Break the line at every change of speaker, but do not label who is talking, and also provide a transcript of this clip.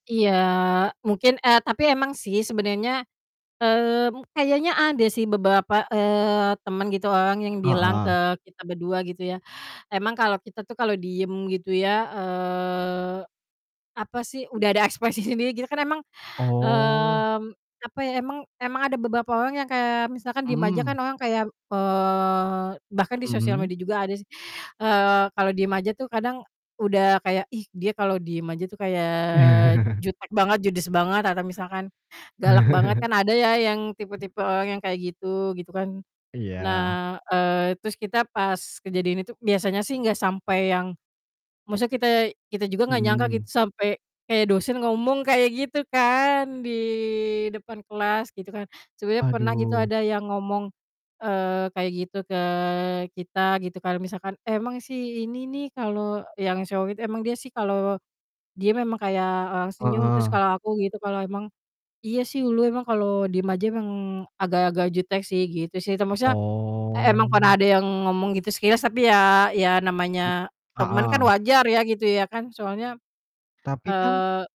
Iya, mungkin, eee, tapi emang sih sebenernya, mmm, kayaknya ada sih beberapa, eee, teman gitu orang yang bilang ke
Heeh.
kita berdua, gitu ya. Emang kalau kita tuh kalau diem gitu ya, eee, apa sih, udah ada ekspresi sendiri, gitu kan emang,
Oh.
mmm, apa ya, emang emang ada beberapa orang yang kayak misalkan diem aja
Mmm.
kan orang kayak, eee, bahkan di sosial
Mhm?
media juga ada sih, eee, kalau diem aja tuh kadang udah kayak, "Ih, dia kalau diem aja tuh kayak jutek banget, judes banget," atau misalkan, "galak banget," kan ada ya yang tipe-tipe orang yang kayak gitu, gitu kan.
Iya.
Nah, eee, terus kita pas kejadian itu biasanya sih nggak sampai yang maksudnya kita kita juga nggak nyangka gitu
Mhm.
sampai kayak dosen ngomong kayak gitu kan, di depan kelas, gitu kan. Sebenernya pernah gitu
Aduh.
ada yang ngomong, eee, kayak gitu ke kita, gitu, kalo misalkan, "Emang sih, ini nih," kalau yang solid, "emang dia sih kalau dia memang kayak, eee, senyum," terus
Heeh.
kalau aku gitu, "Kalau emang iya sih, ulu emang kalau diem aja emang agak-agak jutek sih," gitu sih, te maksudnya, e emang pernah
Oh.
ada yang ngomong gitu sekilas, tapi ya ya
M
namanya temen kan
heeh.
wajar ya gitu ya kan, soalnya,
Tapi kan
eee